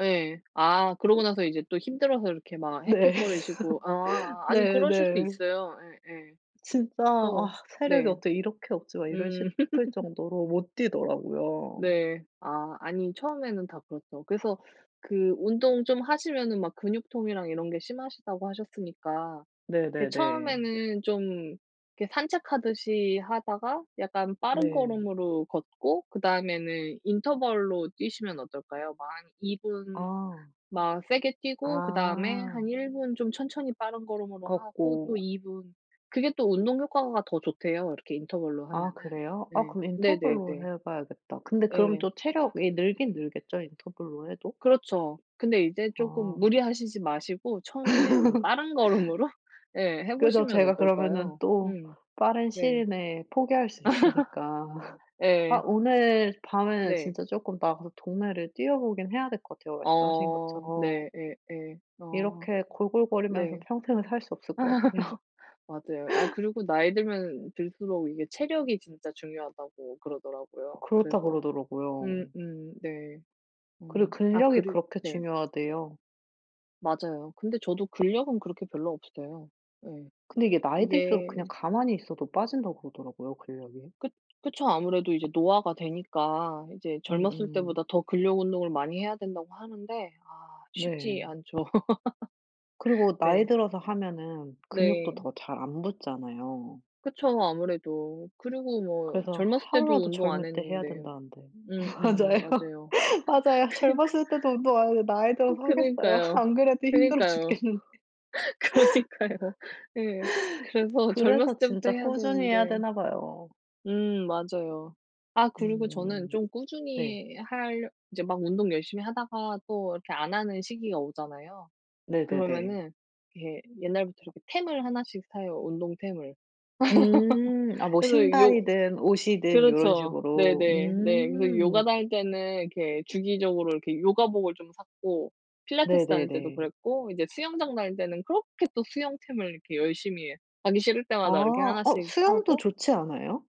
예. 아 그러고 나서 이제 또 힘들어서 이렇게 막 네. 헥헥거리시고. 아. 아니 네 그러실 수 네. 있어요. 예예. 진짜 어 '아 체력이 네. 어떻게 이렇게 없지.' 막 이럴 음. 싶을 정도로 못 뛰더라고요. 네. 아 아니 처음에는 다 그렇죠. 그래서 그 운동 좀 하시면은 막 근육통이랑 이런 게 심하시다고 하셨으니까. 이렇게 네네네. 처음에는 좀 그 산책하듯이 하다가 약간 빠른 네. 걸음으로 걷고 그다음에는 인터벌로 뛰시면 어떨까요? 막 한 2 분 아. 막 세게 뛰고 그다음에 아. 한 1 분 좀 천천히 빠른 걸음으로 하고 또 걷고. 2 분. 그게 또 운동 효과가 더 좋대요 이렇게 인터벌로 아 하면은. 그래요? 아 네. 그럼 네네네. 인터벌로 해봐야겠다. 근데 그럼 예. 또 체력이 늘긴 늘겠죠? 인터벌로 해도? 그렇죠. 근데 이제 쪼금 아. 무리하시지 마시고 처음에는 약간 빠른 걸음으로 예. 그래서 해보시면 제가 그러면은 어떨까요? 또 음. 빠른 네. 시일 내에 포기할 수 있으니까. 아 예. 오늘 밤에는 네. 진짜 쪼끔 나가서 동네를 뛰어보긴 해야 될 것 같아요 말씀하신 어 것처럼. 네. 예. 예. 아. 이렇게 골골거리면서 네. 평생을 살 수 없을 것 같아요. 맞아요. 아 그리고 나이 들면 들수록 이게 체력이 진짜 중요하다고 그러더라고요. 그렇다 그래서 그러더라고요. 음음 네. 그리고 어 아 근력이 그리 그렇게 네. 중요하대요. 맞아요. 근데 저도 근력은 그렇게 별로 없어요. 네. 근데 이게 나이 들수록 그냥 이게 가만히 있어도 빠진다고 그러더라고요 근력이. 그 그쵸. 아무래도 이제 노화가 되니까 이제 젊었을 음음. 때보다 더 근력 운동을 많이 해야 된다고 하는데 아 쉽지 네. 않죠. 그리고 나이 네. 들어서 하면은 근육도 네. 더 잘 안 붙잖아요. 그쵸 아무래도. 그리고 뭐 그래서 젊었을 때도 하루라도 운동 안 젊을 때 해야 했는데. 된다는데. 음음 맞아요. 맞아요. 맞아요. 그니까. 젊었을 때도 운동 안했는데 나이 들어서 하겠어요? 그니까요. 안 그래도 힘들어 그니까요. 죽겠는데. 그러니까요. 네. 그래서 젊었을 그래서 때부터 진짜 해야 꾸준히 해야 되는데 되나 봐요. 음 맞아요. 아 그리고 저는 음. 좀 네. 꾸준히 할 이제 막 운동 열심히 하다가 또 이렇게 안 하는 시기가 오잖아요. 네네네. 그러면은 이렇게 옛날부터 이렇게 템을 하나씩 사요. 운동 템을. 음. 아 뭐 그래서 요 신발이든 옷이든 요런 그렇죠. 식으로. 네네. 네. 그래서 요가 음. 다닐 때는 이렇게 주기적으로 이렇게 요가복을 좀 샀고 필라테스 다닐 때도 네네네. 그랬고 이제 수영장 다닐 때는 그렇게 또 수영템을 이렇게 열심히 하기 싫을 아. 때마다 이렇게 어 하나씩 수영도 사고 좋지 않아요?